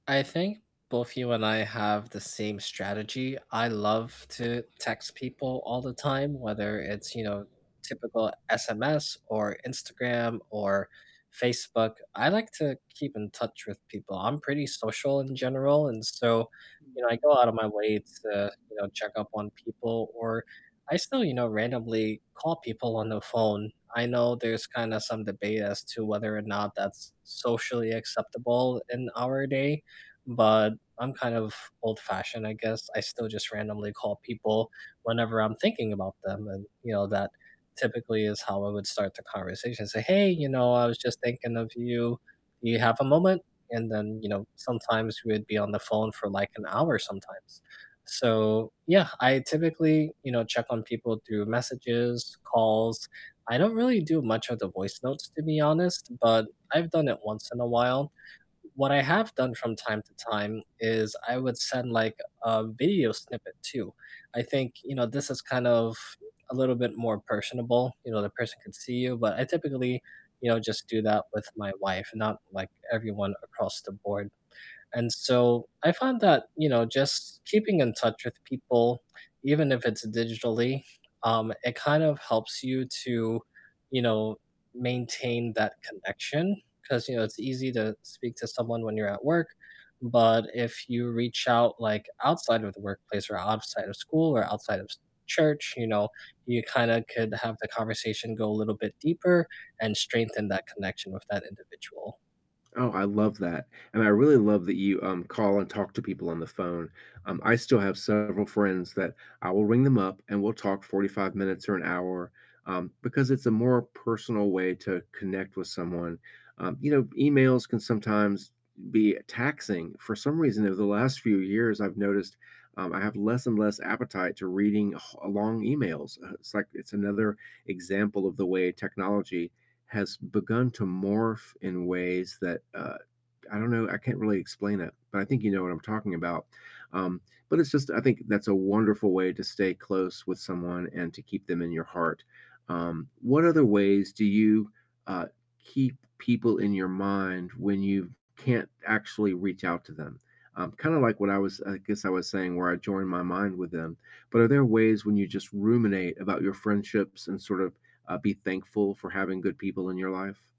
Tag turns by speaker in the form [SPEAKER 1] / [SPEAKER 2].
[SPEAKER 1] I think both you and I have the same strategy. I love to text people all the time, whether it's, you know, typical SMS or Instagram or Facebook. I like to keep in touch with people. I'm pretty social in general, and so, you know, I go out of my way to, you know, check up on people, or I still, you know, randomly call people on the phone. I know there's kinda some debate as to whether or not that's socially acceptable in our day, but I'm kind of old-fashioned, I guess. I still just randomly call people whenever I'm thinking about them and, you know, that typically is how I would start the conversation. Say, "Hey, you know, I was just thinking of you. Do you have a moment?" And then, you know, sometimes we'd be on the phone for, like, an hour sometimes. So yeah, I typically, you know, check on people through messages, calls I don't really do much of the voice notes, to be honest, but I've done it once in a while. What I have done from time to time is I would send, like, a video snippet too. I think, you know, this is kind of a little bit more personable. You know, the person could see you, but I typically, you know, just do that with my wife, not, like, everyone across the board, and so, I find that, you know, just keeping in touch with people, even if it's digitally, um, it kind of helps you to, you know, maintain that connection. 'Cause, you know, it's easy to speak to someone when you're at work, but if you reach out, like, outside of the workplace or outside of school or outside of church, you know, you kinda could have the conversation go a little bit deeper and strengthen that connection with that individual.
[SPEAKER 2] Oh, I love that, and I really love that you, um, call and talk to people on the phone, um, I still have several friends that I will ring them up and we'll talk 45 minutes or an hour, um, because it's a more personal way to connect with someone. Um, you know, emails can sometimes be taxing. For some reason, it was the last few years I've noticed, um, I have less and less appetite to reading h long emails, uh, it's like it's another example of the way technology has begun to morph in ways that, uh, I don't know, I can't really explain it, but I think you know what I'm talking about. Um, but it's just I think that's a wonderful way to stay close with someone and to keep them in your heart. Um, what other ways do you, uh, keep people in your mind when you can't actually reach out to them? Um, kinda like what I was I guess I was saying where I join my mind with them. But are there ways when you just ruminate about your friendships and sort of, uh, be thankful for having good people in your life?